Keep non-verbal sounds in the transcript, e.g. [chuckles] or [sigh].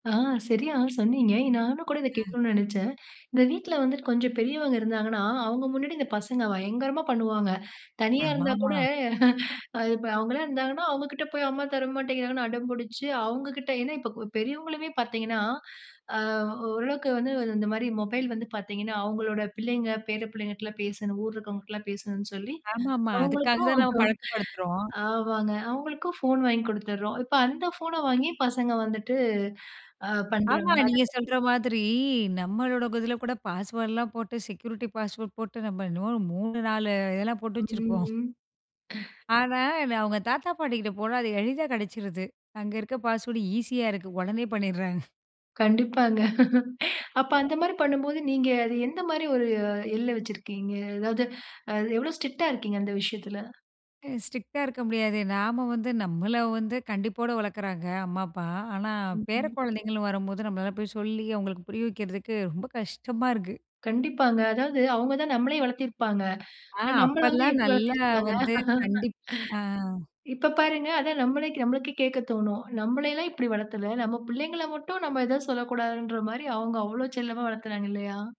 ஆ சரியா சொன்னீங்க. நானும் கூட இத ம். கேக்கணும்னு நெனைச்சேன். இந்த வீட்ல வந்துட்டு கொஞ்சம் பெரியவங்க இருந்தாங்கன்னா, அவுங்க முன்னாடி இந்த பசங்க பயங்கரமா பண்ணுவாங்க. தனியா இருந்தா கூட, ஆமாமா. [chuckles] அது இப்ப அவுங்கலாம் இருந்தாங்கன்னா, அவுங்க கிட்ட போய் அம்மா தர மாட்டேங்கிறாங்கன்னு அடம் புடிச்சு, அவுங்க கிட்ட ஏன்னா இப்போ பெரியவங்களுமே பாத்தீங்கன்னா, அ ஓரளவுக்கு வந்து இந்த மாரி மொபைல் வந்து பாத்தீங்கன்னா, அவுங்களோட பிள்ளைங்க பேர பிள்ளைங்ககிட்டலாம் பேசணும், ஊர்ல இருக்கறவங்ககிட்டலாம் பேசணுன்னு சொல்லி ஆமாமா, அதுக்காக அவங்களுக்கும், தான் நாம [chuckles] பழக்கப்படுத்துறோம். ஆமாங்க அவுங்களுக்கும் ஃபோன் வாங்கி குடுத்துடுறோம். இப்போ அந்த ஃபோன வாங்கி பசங்க வந்துட்டு, ஆ ஆமா பண்றாங்க. அத நீங்க பத்தி சொல்ற மாதிரி நம்மளோட இதில கூட பாஸ்வேர்ட்லாம் போட்டு செக்யூரிட்டி பாஸ்வேர்ட் போட்டு நம்ம என்னமோ 3,4 இதெல்லாம் போட்டு ம். வச்சுருக்கோம். ம். ஆனா அவங்க தாத்தா பாட்டிகிட்ட போனா அது எளிதா கெடைச்சுருது அங்க இருக்க பாஸ்வேர்டு ஈஸியா இருக்கு உடனே பண்ணிடுறாங்க. [snorts] கண்டிப்பாங்க. [laughs] அப்ப அந்த மாரி பண்ணும்போது, நீங்க அது எந்த மாரி ஒரு எல்லை வச்சிருக்கீங்க? எதாவது அது எவ்வளோ ஸ்ட்ரிக்ட்டா இருக்கீங்க? அந்த விஷயத்தில! அ ஸ்ட்ரிக்ட்டா இருக்க முடியாது. நாம வந்து நம்மள வந்து கண்டிப்போட வளக்குறாங்க அம்மா, அப்பா. ஆனா ம். பேர ம். குழந்தைங்கள்ன்னு வரும்போது, நம்பளால போய் சொல்லி அவுங்களுக்கு புரிய வைக்கிறதுக்கு ரொம்ப கஷ்டமா இருக்கு. கண்டிப்பாங்க. அதாவது அவுங்க தான் நம்மளயே வளத்திருப்பாங்க. ஆ அ நம்மள வந்து அப்போலாம் எப்படி நல்லா வளத்திருக்குறாங்க. வந்து கண்டிப் ஆ. [laughs] இப்ப பாருங்க அதான் நம்மளே நம்மளுக்கே கேக்கத்தோணும். நம்பள எல்லாம் இப்படி வளத்தல. நம்ம பிள்ளைங்கள மட்டும் நம்ப எதும் சொல்லக்கூடாதுன்ற மாரி அவுங்க அவ்ளோ செல்லமா வளத்துறாங்க இல்லையா!